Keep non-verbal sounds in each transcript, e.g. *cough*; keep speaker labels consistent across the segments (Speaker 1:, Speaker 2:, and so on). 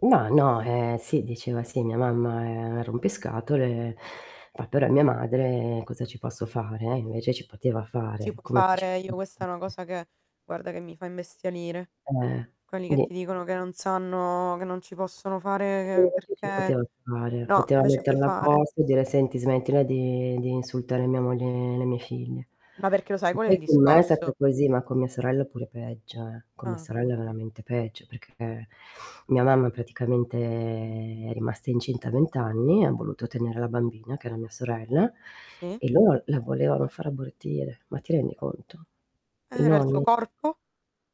Speaker 1: Ma no, ehm, sì diceva: "Sì, mia mamma è un rompiscatole, poi però mia madre cosa ci posso fare?" Invece ci poteva fare,
Speaker 2: Si può
Speaker 1: eccome se ci
Speaker 2: fare, io
Speaker 1: poteva
Speaker 2: questa
Speaker 1: fare
Speaker 2: è una cosa che guarda che mi fa imbestialire.
Speaker 1: Eh,
Speaker 2: Quelli che
Speaker 1: quindi
Speaker 2: ti dicono che non sanno che non ci possono
Speaker 1: E
Speaker 2: fare e
Speaker 1: invece
Speaker 2: perché
Speaker 1: poteva fare.
Speaker 2: no,
Speaker 1: Poteva
Speaker 2: invece puoi
Speaker 1: metterla a
Speaker 2: fare.
Speaker 1: posto e dire: "Senti, smettila di di insultare mia moglie e le mie figlie."
Speaker 2: Ma perché lo sai
Speaker 1: Che
Speaker 2: qual è il
Speaker 1: poi con me è stata
Speaker 2: discorso?
Speaker 1: così, ma con mia sorella pure peggio, eh. Con mia
Speaker 2: Ah, pure.
Speaker 1: sorella veramente peggio, perché mia mamma praticamente è rimasta incinta a 20 anni, ha voluto tenere la bambina, che era mia sorella,
Speaker 2: Si.
Speaker 1: e loro la volevano far abortire, ma ti rendi conto? I
Speaker 2: Era il suo
Speaker 1: nonni.
Speaker 2: corpo?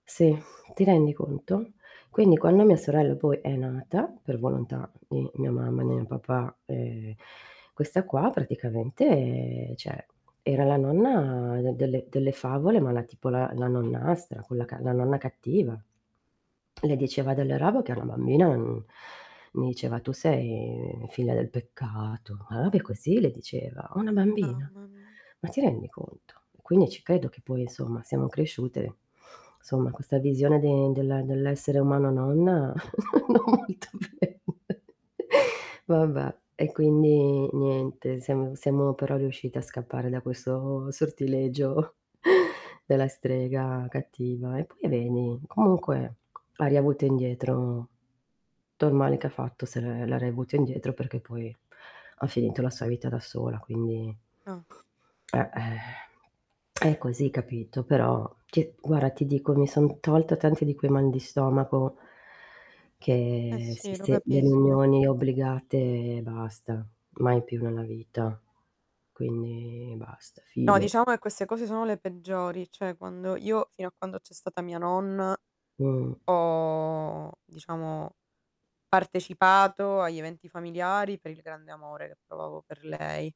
Speaker 1: Sì, ti rendi conto? Quindi quando mia sorella poi è nata, per volontà di mia mamma e mio papà e questa qua praticamente cioè, era la nonna delle delle favole ma la tipo la nonnastra, quella ca la nonna cattiva. Le diceva delle robe che a una bambina n mi diceva: "Tu sei, mhmm, figlia del peccato." Ma robe così le diceva, a una bambina?
Speaker 2: Mamma mia.
Speaker 1: Ma ti rendi conto? Quindi ci credo che poi insomma siamo cresciute, insomma, questa visione del dell'e dell'essere umano nonna non molto bella. *laughs* Vabbè e quindi niente, siamo siamo però riuscite a scappare da questo sortilegio *chuckles* della strega cattiva, e poi vedi, comunque ha riavuto indietro, tutto il male che ha fatto se l'è l'ha riavuto indietro perché poi ha finito la sua vita da sola quindi
Speaker 2: Ah.
Speaker 1: Eh, *exhales* *smacks lips* è così capito, però ti guarda ti dico mi son tolta tanti di quei mal di stomaco
Speaker 2: Eh,
Speaker 1: che si
Speaker 2: sì, lo
Speaker 1: se le
Speaker 2: capisco.
Speaker 1: riunioni obbligate, e basta mai più nella vita. Quindi basta
Speaker 2: No
Speaker 1: fine.
Speaker 2: diciamo che queste cose sono le peggiori, cioè quando io fino a quando c'è stata mia nonna,
Speaker 1: Mh.
Speaker 2: ho, diciamo, partecipato agli eventi familiari per il grande amore che provavo per lei.